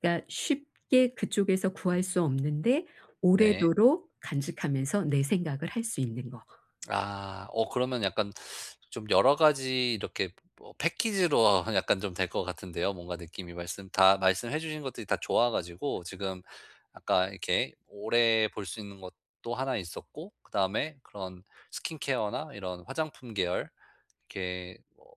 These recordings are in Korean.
그러니까 쉽게 그쪽에서 구할 수 없는데 네. 오래도록 간직하면서 내 생각을 할 수 있는 거. 아, 어 그러면 약간 좀 여러 가지 이렇게 뭐 패키지로 하면 약간 좀 될 것 같은데요. 뭔가 느낌이 말씀 다 말씀해 주신 것들이 다 좋아 가지고 지금 아까 이렇게 오래 볼 수 있는 것도 하나 있었고, 그다음에 그런 스킨케어나 이런 화장품 계열, 이렇게 뭐,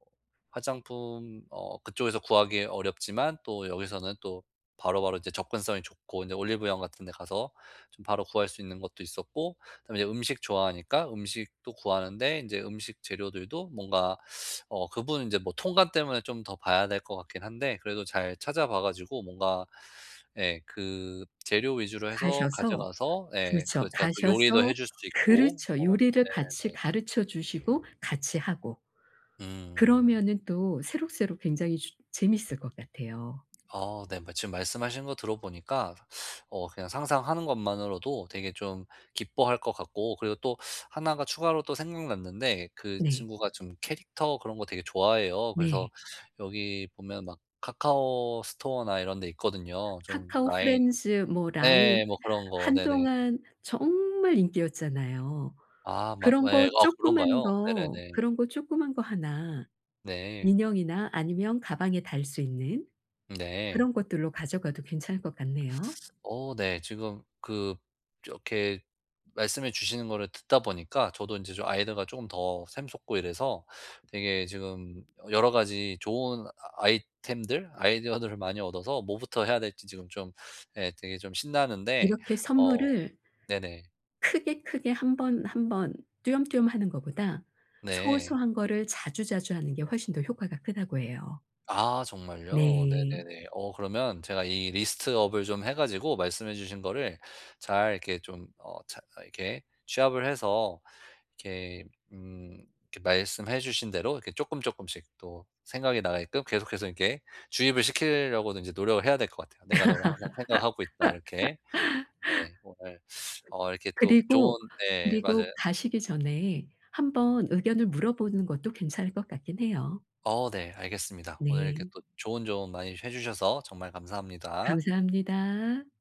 화장품 어 그쪽에서 구하기 어렵지만 또 여기서는 또 바로바로 이제 접근성이 좋고, 이제 올리브영 같은 데 가서 좀 바로 구할 수 있는 것도 있었고, 그다음에 이제 음식 좋아하니까 음식도 구하는데 인제 음식 재료들도 뭔가 어 그 부분은 이제 뭐 통관 때문에 좀 더 봐야 될 것 같긴 한데, 그래도 잘 찾아봐 가지고 뭔가 예 그 재료 위주로 해서 가셔서 가져가서 예 그 그렇죠. 제가 또 가셔서 요리도 해 줄 수 있고 그렇죠. 뭐 요리를 같이 네네. 가르쳐 주시고 같이 하고. 음. 그러면은 또 새록새록 굉장히 주 재밌을 것 같아요. 아 네. 뭐 지금 말씀하신 거 들어보니까 어 그냥 상상하는 것만으로도 되게 좀 기뻐할 것 같고 그리고 또 하나가 추가로 또 생각났는데 그 네. 친구가 좀 캐릭터 그런 거 되게 좋아해요. 그래서 네. 여기 보면 막 카카오 스토어나 이런 데 있거든요. 좀 라인 카카오프렌즈 뭐 라인 예예 뭐 그런 거. 네네. 한동안 정말 인기였잖아요. 아 막 그런 거 예 아 쪼끄만 그런가요? 거 네네네. 그런 거 쪼끄만 거 하나 네. 인형이나 아니면 가방에 달 수 있는 네. 그런 것들로 가져가도 괜찮을 것 같네요. 어 네 지금 그 이렇게 말씀해 주시는 거를 듣다 보니까 저도 인제 좀 아이디어가 쪼금 더 샘솟고 이래서 되게 지금 여러 가지 좋은 아 아이템들 아이디어들을 많이 얻어서 뭐부터 해야 될지 지금 좀 예 되게 좀 신나는데 이렇게 어 선물을 네네. 크게, 크게 1 번, 1 번 띄엄띄엄 하는 거보다 네. 소소한 거를 자주, 자주 하는 게 훨씬 더 효과가 크다고 해요. 아 정말요? 네. 네네네. 어 그러면 제가 이 리스트 업을 좀 해 가지고 말씀해 주신 거를 잘 이렇게 좀 어 잘 이렇게 취합을 해서 이렇게 음 이렇게 말씀해 주신 대로 이렇게 쪼끔쪼끔씩 또 생각이 나게끔 계속해서 이렇게 주입을 시키려고는 이제 노력을 해야 될 것 같아요. '내가 너를 항상 생각하고 있다.' 이렇게. 네, 오늘 어 이렇게 또 좋은 그리고 네, 맞아요. 그리고 가시기 전에 한 번 의견을 물어보는 것도 괜찮을 것 같긴 해요. 어 네, 알겠습니다. 오늘 이렇게 네. 또 좋은 조언 많이 해주셔서 정말 감사합니다. 감사합니다.